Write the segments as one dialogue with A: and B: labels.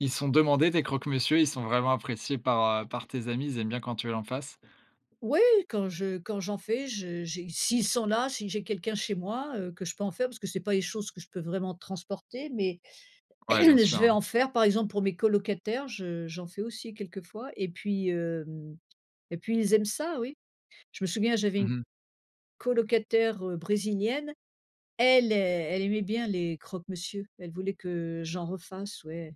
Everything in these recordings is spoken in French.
A: Ils sont demandés tes croque-monsieur, ils sont vraiment appréciés par, heu, par tes amis? Ils aiment bien quand tu l'en fasse?
B: Ouais, quand je quand j'en fais, je j'ai s'ils sont là, si j'ai quelqu'un chez moi, heu, que je peux en faire parce que c'est pas les choses que je peux vraiment transporter, mais
A: Ouais, bien
B: je vais
A: sûr.
B: en faire par exemple pour mes colocataires. Je, heu, j'en fais aussi quelques fois et puis, hem, et puis ils aiment ça, oui. Je me souviens, j'avais
A: Mmh
B: une
A: mh.
B: colocataire, heu, brésilienne. Elle ai elle aimait bien les croque-monsieur, elle voulait que, heu, j'en refasse, ouais.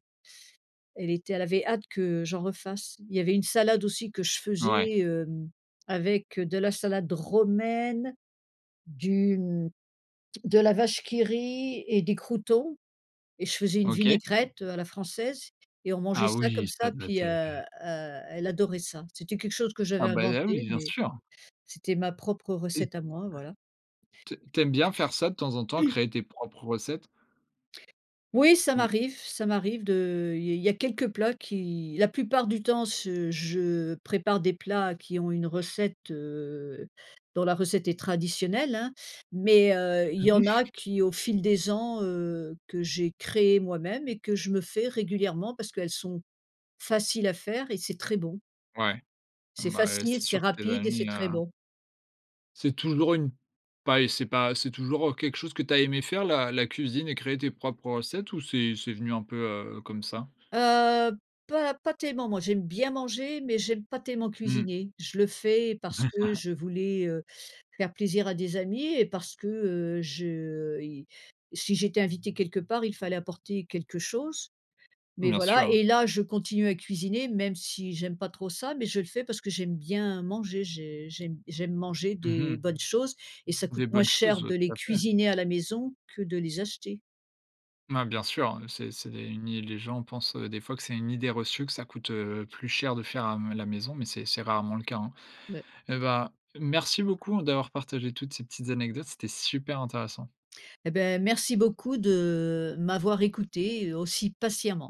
B: Elle était elle avait hâte que j'en refasse. Il y avait une salade aussi que je
A: Ouais.
B: faisais, hem, avec de la salade romaine, du, hem de la Vache qui rit et des croûtons et je faisais une
A: OK.
B: vinaigrette à la française et on mangeait
A: Ah
B: ça comme
A: oui! Ça
B: ça
A: devait
B: puis,
A: être,
B: heu
A: heu.
B: heu, elle adorait ça. C'était quelque chose que
A: Ah
B: j'avais
A: bah, ah,
B: inventé,
A: oui, bien
B: mais
A: sûr!
B: c'était ma propre
A: [unintelligible]
B: recette à moi, voilà.
A: T tu aimes bien faire ça de temps en temps, créer tes propres recettes?
B: Oui, ça
A: Ou
B: m'arrive ça m'arrive de, heu, il y il y a quelques plats qui la plupart du temps, ce je prépare des plats qui ont une recette, heu, dont la recette est traditionnelle, hein, mais, heu, il y en a qui, au fil des ans, heu, que j'ai créé moi-même et que je me fais régulièrement parce qu'elles sont faciles à faire et c'est très bon.
A: ouais,
B: C'est
A: bah, heu,
B: facile,
A: c'est
B: c'est
A: sûr que tes
B: rapide et
A: amis,
B: c'est
A: heu
B: très bon.
A: c'est toujours une pas et c'est pas c'est toujours, heu, quelque chose que tu as aimé faire, la la cuisine et créer tes propres recettes ou c'est c'est venu un peu, heu, comme ça?
B: Heu, pas pas tellement. Moi j'aime bien manger, mais j'aime pas tellement
A: Mmh.
B: cuisiner. Je le fais parce que je voulais, heu, faire plaisir à des amis et parce que, heu, je, heu, i si j'étais invitée quelque part, il fallait apporter quelque chose, mais
A: Bien
B: voilà.
A: sûr.
B: Et là, je continue à cuisiner même si j'aime pas trop ça, mais je le fais parce que j'aime bien manger, j'ai j'aime j'aime manger
A: Mmh
B: des
A: mh.
B: bonnes choses et ça coûte
A: Des
B: moins
A: bonnes
B: cher
A: choses, ouais,
B: de les
A: tout à fait.
B: cuisiner à la maison que de les acheter.
A: Mais bien sûr, hein, c'est c'est une i les gens pensent, des fois, que c'est une idée reçue, que ça coûte, heu, plus cher de faire à m la maison, mais c'est c'est rarement le cas, hein.
B: Ouais.
A: Et bah, merci beaucoup d'avoir partagé toutes ces petites anecdotes, c'était super intéressant!
B: Et beh, merci beaucoup de, heu, m'avoir écouté, aussi patiemment.